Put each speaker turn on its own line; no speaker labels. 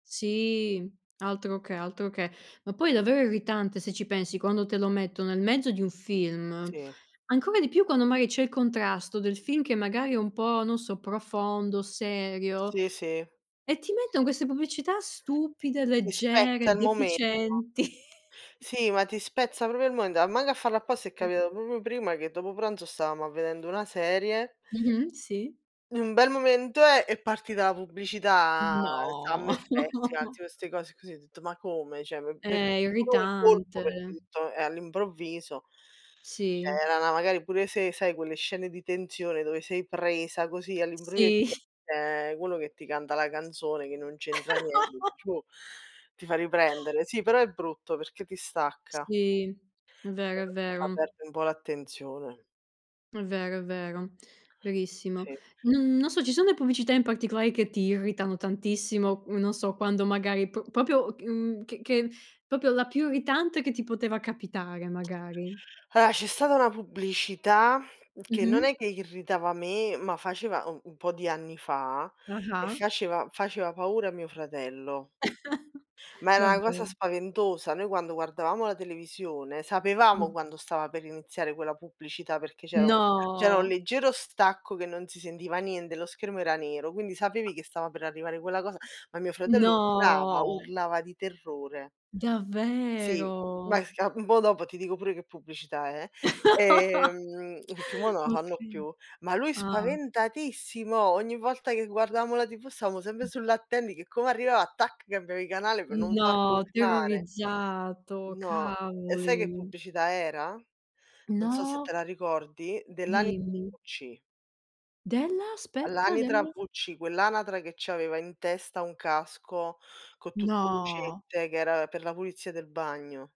Sì, altro che, altro che. Ma poi è davvero irritante, se ci pensi, quando te lo metto nel mezzo di un film,
Sì.
ancora di più quando magari c'è il contrasto del film che magari è un po', non so, profondo, serio,
Sì, sì.
e ti metton queste pubblicità stupide,
Ti spezza
leggere,
il momento.
deficienti.
Sì, ma ti spezza proprio il momento, a mango a farlo apposta è capitato proprio prima che dopo pranzo stavamo a vedendo una serie
Mh-mh, sì.
in un bel momento eh, è partita la pubblicità,
No.
Summer Festival, tipo 'ste cose così, ho detto: "Ma come?" Cioè m m'è
Eh,
[unintelligible] un colpo perché
irritante.
tutto, eh, all'improvviso! Cioè
Sì.
era 'na magari pure se sai quelle scene di tensione dove sei presa così all'improvvi e
Sì.
ti esce quello che ti canta la canzone che non c'entra niente, dici: "Oh!" Ti fa riprendere. Sì, però è brutto perché ti stacca.
Sì. È
Se
vero, è
lo fa
vero.
perde un po' l'attenzione.
È vero, è vero. Verissimo.
Sì.
N non so, ci son le pubblicità in particolare che ti irritano tantissimo, uhm, non so, quando magari p proprio ch uhm, ch che proprio la più irritante che ti poteva capitare, magari.
Allora, c'è stata una pubblicità, che non
Mh-mh.
è che irritava me, ma faceva u un po' di anni fa, e
Ah-ah.
faceva faceva paura a mio fratello. Ma era 'na cosa
Davvero.
spaventosa. Noi quando guardavamo la televisione sapevamo
Mh.
quando stava per iniziare quella pubblicità, perché c'era u c'era un
No.
leggero stacco che non si sentiva niente, lo schermo era nero, quindi sapevi che stava per arrivare quella cosa, ma mio fratello urlava,
No!
urlava di terrore. Sì, beh
Davvero?
si ca un po' dopo ti dico pure che pubblicità è. Ehm, perchè mo' non la fanno
Okay.
più, ma lui
Ah.
spaventatissimo, ogni volta che guardavamo la TV stavamo sempre
Mh.
sull'attendi che come arrivava, tac, cambiavi canale per non farlo
No,
urlare.
terrorizzato,
No. E sai che
cavoli.
pubblicità era? Non so se te
No,
la
c
ricordi, dell'ani
Dimmi.
wc.
Della? Aspetta,
All'anatra
della?
wc, quell'anatra che c'aveva in testa un casco co' tutte
No.
lucette, che era per la pulizia del bagno.